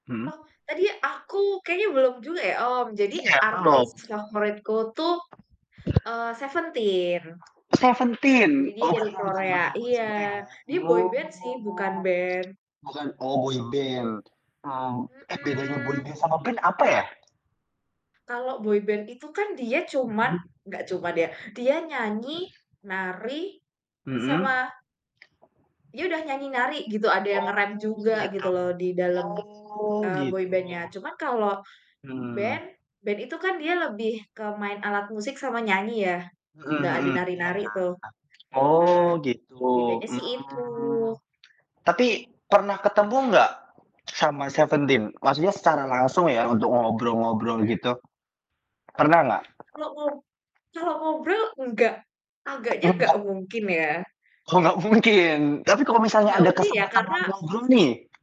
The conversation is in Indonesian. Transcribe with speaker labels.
Speaker 1: Mhm.
Speaker 2: Oh, tadi aku kayaknya belum juga ya, mmm, jadi
Speaker 1: Iya,
Speaker 2: artis
Speaker 1: belum.
Speaker 2: favoritku tuh, eee, Seventeen.
Speaker 1: Seventeen,
Speaker 2: Jadi dia
Speaker 1: oh,
Speaker 2: dari
Speaker 1: Kakak pernah
Speaker 2: Korea,
Speaker 1: nonton konsernya
Speaker 2: iya,
Speaker 1: ya.
Speaker 2: jadi boyband sih, bukan
Speaker 1: Oh.
Speaker 2: band.
Speaker 1: Bukan oh boyband. Mmm, eh, bedanya
Speaker 2: Mhm.
Speaker 1: boyband sama band apa ya?
Speaker 2: Kalau boyband itu kan dia cuma
Speaker 1: Mhm.
Speaker 2: nggak cuman dia, dia nyanyi, nari,
Speaker 1: Mhm.
Speaker 2: sama dia udah nyanyi, nari, gitu, ada yang nge-rap
Speaker 1: Oh,
Speaker 2: juga
Speaker 1: gitu.
Speaker 2: gitu loh di dalem,
Speaker 1: Oh,
Speaker 2: eee,
Speaker 1: gitu.
Speaker 2: boyband-nya, cuman kalau
Speaker 1: Hmm.
Speaker 2: band, band itu kan dia lebih ke main alat musik sama nyanyi ya,
Speaker 1: Mhm
Speaker 2: gak ada
Speaker 1: mhm,
Speaker 2: nari-nari
Speaker 1: ya.
Speaker 2: tuh. Nah,
Speaker 1: Oh, gitu.
Speaker 2: bedanya sih itu.
Speaker 1: Mmm. Tapi pernah ketemu nggak sama Seventeen? Maksudnya secara langsung ya, untuk ngobrol-ngobrol
Speaker 2: Mhm?
Speaker 1: gitu, pernah nggak?
Speaker 2: Kalau ngob kalau ngobrol enggak, agaknya nggak
Speaker 1: Nggak?
Speaker 2: mungkin ya.
Speaker 1: Kok nggak mungkin? Tapi kalau misalnya
Speaker 2: Enggak
Speaker 1: ada
Speaker 2: mungkin ya,
Speaker 1: kesempatan mau
Speaker 2: karena
Speaker 1: ngobrol nih